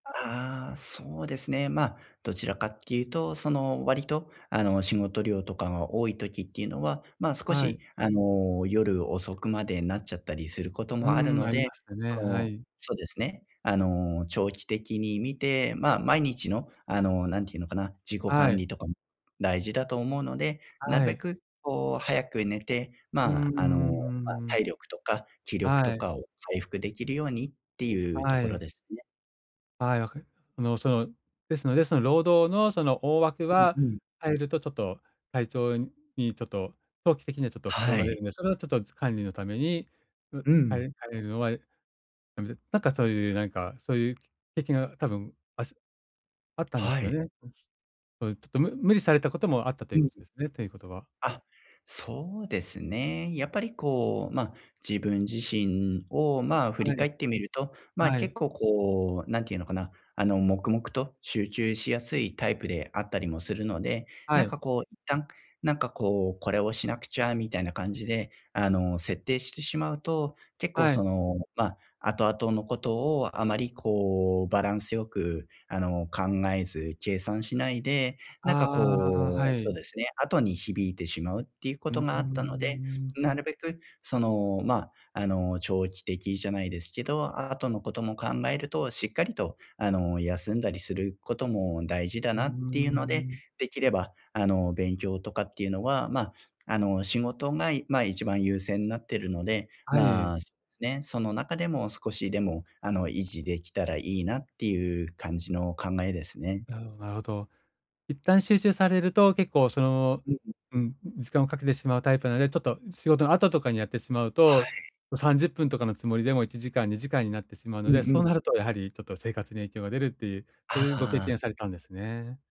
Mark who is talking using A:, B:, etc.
A: ん、ああ、そうですね、ま、どちらかっていうと、その、割と、あの、仕事量とかが多い時っていうのは、ま、少
B: は
A: し、
B: い。
A: あの、夜遅くまでなっちゃったりすること
B: う
A: もある
B: ーん、
A: の
B: あり
A: で、
B: ますた
A: そ
B: ね。は
A: の
B: い。
A: そうですね、あの、長期的に見て、ま、毎日の、あの、なんて言うのかな、自己
B: は
A: 管
B: い。
A: 理とか、ん、大事だと思うので、なる
B: は
A: べ
B: い。
A: く、こう、早く寝て、
B: う
A: ま
B: んうんう
A: あ、あの、ま、
B: んうん。
A: 体力とか気力と
B: はい。
A: かを回復できるようにっていうと
B: は
A: ころ
B: い。
A: ですね。
B: はい、わかりあの、その、ですのですの労働のその大枠
A: うん
B: は、
A: うん。
B: 入るとちょっと体調にちょっと、長期的にはちょっと不
A: は
B: 調が出
A: い。
B: るんで、それをちょっとづつ管理のために、う
A: う
B: 入
A: ん。
B: る入るのは、いやめてなんか、そういう、なんか、そういう的な多分あすあったんで
A: は
B: すよ
A: い。
B: ね？そゆ、ちょっとむ無理されたこともあったとい
A: う
B: うこ
A: ん。
B: とですね、ということは。
A: あ、そうですね。やっぱり、こう、ま、自分自身を、まあ、振
B: は
A: り
B: い。
A: 返ってみると、ま、
B: は
A: 結
B: い。
A: 構こう、なんて言うのかな、あの、黙々と集中しやすいタイプであったりもするので、
B: は
A: なん
B: い。
A: か、こう一旦、なんか、こう、これをしなくちゃみたいな感じで、あの、設定してしまうと、結構
B: は
A: そ
B: い。
A: のま、後々のことをあまり、こう、バランスよく、あの、考えず計算しないで、なんか、
B: ああ、
A: こ
B: は
A: うそう
B: い。
A: ですね、後に響いてしまうっていうこ
B: う
A: と
B: ー
A: があったので、
B: ん。
A: なるべく、その、ま、あの、長期的じゃないですけど、あ後のことも考えると、しっかりと、あの、休んだりすることも大事だ
B: うー
A: なっていうので、
B: ん。
A: できれば、あの、勉強とかっていうのは、ま、あの、仕事がいま、一番優先になってるので、
B: は
A: ま
B: い。
A: あ、すね、その中でも少しでも、あの、維持できたらいいなっていう感じの考えですね。
B: なるほど、なるほど。一旦集中されると結構、その、
A: うん。
B: うん、ん、時間をかけてしまうタイプなので、ちょっと、仕事の後とかにやってしまう
A: はい。
B: と、と、30分とかのつもりでも1時間、2時間になってしまうの
A: うんう
B: で、そう
A: ん。
B: なるとやはり、ちょっと生活に影響が出るっていう、そういうご経
A: ああ。
B: 験されたんですね。